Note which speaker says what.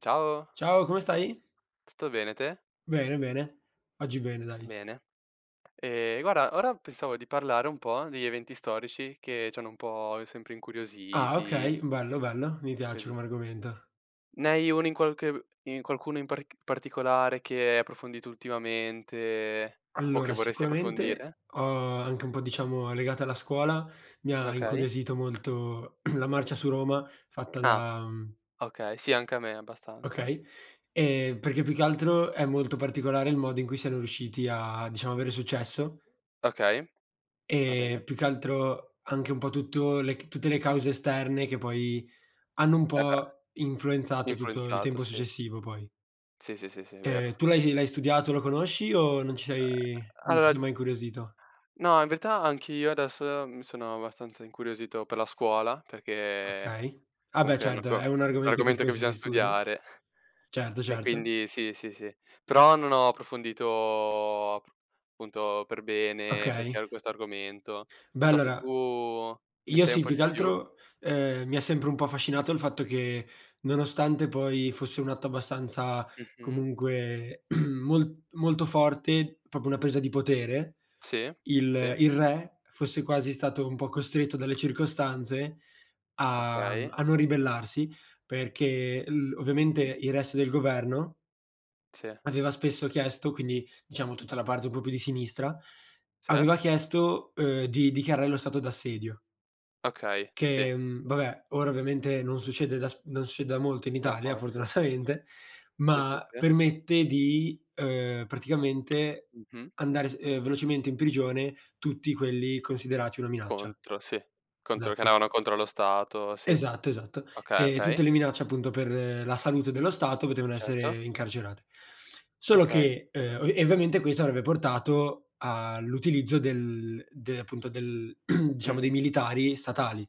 Speaker 1: Ciao.
Speaker 2: Ciao, come stai?
Speaker 1: Tutto bene, te?
Speaker 2: Bene, bene. Oggi bene, dai.
Speaker 1: Bene. E guarda, ora pensavo di parlare un po' degli eventi storici che ci hanno un po' sempre
Speaker 2: Ah,
Speaker 1: incuriositi.
Speaker 2: okay. Bello, bello. Mi piace
Speaker 1: Così.
Speaker 2: come argomento.
Speaker 1: Ne hai uno in qualche in qualcuno in paric particolare che hai approfondito ultimamente o che
Speaker 2: Allora,
Speaker 1: vorresti approfondire?
Speaker 2: sicuramente, ho anche un po', diciamo, legata alla scuola, mi ha
Speaker 1: Okay.
Speaker 2: incuriosito molto la marcia su Roma fatta
Speaker 1: Ah.
Speaker 2: da mhmm.
Speaker 1: Okay, sì anche a me abbastanza.
Speaker 2: Okay, e perché più che altro, è molto particolare il modo in cui siano riusciti a, diciamo, avere successo.
Speaker 1: Okay, va
Speaker 2: E
Speaker 1: bene.
Speaker 2: più che altro anche un po' tutto le tutte le cause esterne, che poi hanno un
Speaker 1: Eh beh.
Speaker 2: po' influenzato tutto il
Speaker 1: Influenzato
Speaker 2: tempo
Speaker 1: sì.
Speaker 2: successivo poi.
Speaker 1: Sì, sì, sì, è
Speaker 2: E
Speaker 1: vero.
Speaker 2: tu l'hai l'hai studiato, lo conosci o ci sei
Speaker 1: Uhm.
Speaker 2: non ci sei
Speaker 1: Alor
Speaker 2: mai incuriosito?
Speaker 1: no, in verità anch'io adesso mi sono abbastanza incuriosito per la scuola, perché
Speaker 2: Okay. Ah beh
Speaker 1: comunque è un
Speaker 2: certo,
Speaker 1: argo
Speaker 2: è un
Speaker 1: un
Speaker 2: argomento che
Speaker 1: argomento che
Speaker 2: spesso
Speaker 1: bisogna
Speaker 2: si studia.
Speaker 1: studiare
Speaker 2: Certo,
Speaker 1: e
Speaker 2: certo.
Speaker 1: quindi sì, sì, sì. Però non ho approfondito appunto per bene questi
Speaker 2: Okay.
Speaker 1: questo argomento.
Speaker 2: Beh,
Speaker 1: Non so se
Speaker 2: allora
Speaker 1: tu ne
Speaker 2: io
Speaker 1: sai un
Speaker 2: sì,
Speaker 1: po'
Speaker 2: più
Speaker 1: di
Speaker 2: che
Speaker 1: più.
Speaker 2: altro, ehm, mi ha sempre un po' affascinato, il fatto che nonostante poi fosse un atto abbastanza
Speaker 1: Mh-mh.
Speaker 2: comunque mol molto forte, proprio una presa di potere,
Speaker 1: Si,
Speaker 2: il
Speaker 1: si.
Speaker 2: il re fosse quasi stato un po' costretto dalle circostanze a
Speaker 1: Okay.
Speaker 2: a non ribellarsi, perché l ovviamente
Speaker 1: Mh-mh.
Speaker 2: il resto del governo
Speaker 1: Sì.
Speaker 2: aveva spesso chiesto, quindi diciamo tutta la parte un po' più di sinistra,
Speaker 1: Se.
Speaker 2: aveva chiesto, uhm, di dichiarare lo stato d'assedio.
Speaker 1: Okay, sì.
Speaker 2: Che, mhmm, vabbè, ora ovviamente non succede da s non succede da molto in
Speaker 1: Da un
Speaker 2: Italia
Speaker 1: po', si.
Speaker 2: fortunatamente,
Speaker 1: Si, si,
Speaker 2: ma
Speaker 1: si.
Speaker 2: permette di, uhm, praticamente
Speaker 1: Mh-mh.
Speaker 2: mandare, uhm, velocemente in prigione tutti quelli considerati una minaccia.
Speaker 1: Contro, sì. Contro che
Speaker 2: Esatto.
Speaker 1: andavano contro lo Stato, sì.
Speaker 2: Esatto, esatto.
Speaker 1: Okay,
Speaker 2: E
Speaker 1: okay.
Speaker 2: tutte le minacce, appunto, per la salute dello Stato potevano
Speaker 1: Certo.
Speaker 2: essere incarcerate. Solo
Speaker 1: Okay.
Speaker 2: che, uhm e ovviamente questo avrebbe portato all'utilizzo del de appunto, del diciamo, dei
Speaker 1: Mh-mh.
Speaker 2: militari statali.